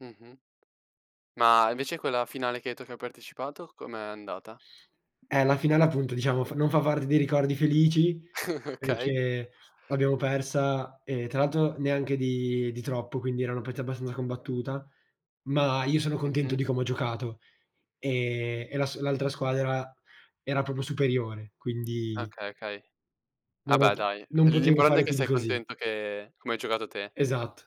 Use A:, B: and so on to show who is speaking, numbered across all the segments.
A: Mh-mh, ma invece quella finale che hai detto che hai partecipato com'è andata?
B: Eh la finale appunto, diciamo, f non fa parte dei ricordi felici,
A: Okay.
B: perché l'abbiamo persa, e tra l'altro neanche di di troppo, quindi era una partita abbastanza combattuta, ma io sono contento
A: Mh-mh.
B: di come ho giocato. Ehm, e las l'altra squadra era proprio superiore, quindi
A: Okay, okay. Ah,
B: non ho
A: beh
B: p
A: dai,
B: non
A: l
B: potevo
A: l'importante è
B: fare
A: che
B: più di
A: sei
B: così.
A: contento che come hai giocato te.
B: Esatto.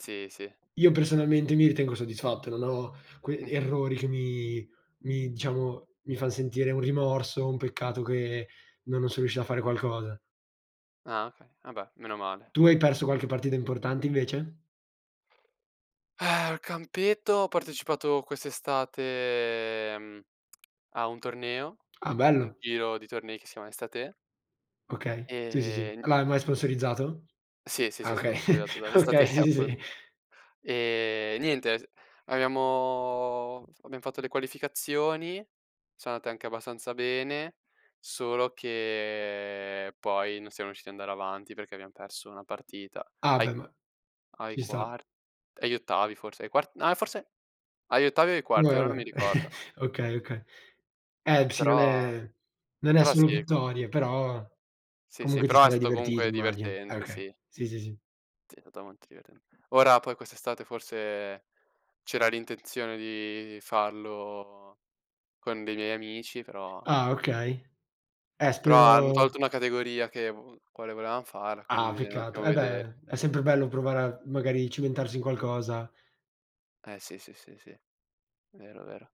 A: Sì, sì.
B: Io personalmente mi ritengo soddisfatto, non ho que
A: Mh-mh.
B: errori che mi mi diciamo, mi fan sentire un rimorso, un peccato che non non sono riuscito a fare qualcosa.
A: Ah okay, vabbè, meno male.
B: Tu hai perso qualche partita importante invece?
A: Al campetto ho partecipato quest'estate, mhmm, a un torneo,
B: Ah
A: un
B: bello.
A: giro di tornei che si chiama Estathè
B: Okay, sì, sì, sì.
A: Ehm
B: Ah ma è ma è sponsorizzato?
A: Sì, sì,
B: Ah
A: sì,
B: okay,
A: sponsorizzato dall'
B: okay
A: Estathè
B: sì, sì, sì.
A: appunto. E niente, t abbiamo- abbiam fatto le qualificazioni, sono andate anche abbastanza bene, solo che poi non siamo riusciti ad andare avanti perché abbiam perso una partita
B: Ah beh
A: ai
B: ma
A: ai
B: ci sta.
A: quart agli ottavi forse, ai quart no a forse agli ottavi o ai
B: Beh,
A: quarti, ora non mi
B: vabbè.
A: ricordo.
B: Okay, okay, eh b sì non
A: Però
B: è, non è
A: però
B: solo
A: sì.
B: vittorie, però
A: Sì, sì,
B: comunque ti
A: però è
B: sarai
A: stato
B: divertito,
A: comunque
B: immagino. Eh
A: divertente,
B: okay,
A: sì.
B: sì, sì, sì.
A: Sì, è stato molto divertent ora poi quest'estate forse c'era l'intenzione di farlo con dei miei amici, però
B: Ah okay, eh
A: però hanno
B: spero
A: tolto una categoria che uhm, quale volevam farla, quindi
B: Ah
A: bisogna un
B: peccato,
A: attimo
B: eh
A: vedere.
B: beh, è sempre bello provare a, magari cimentarsi in qualcosa.
A: Eh sì, sì, sì, sì. Vero, vero.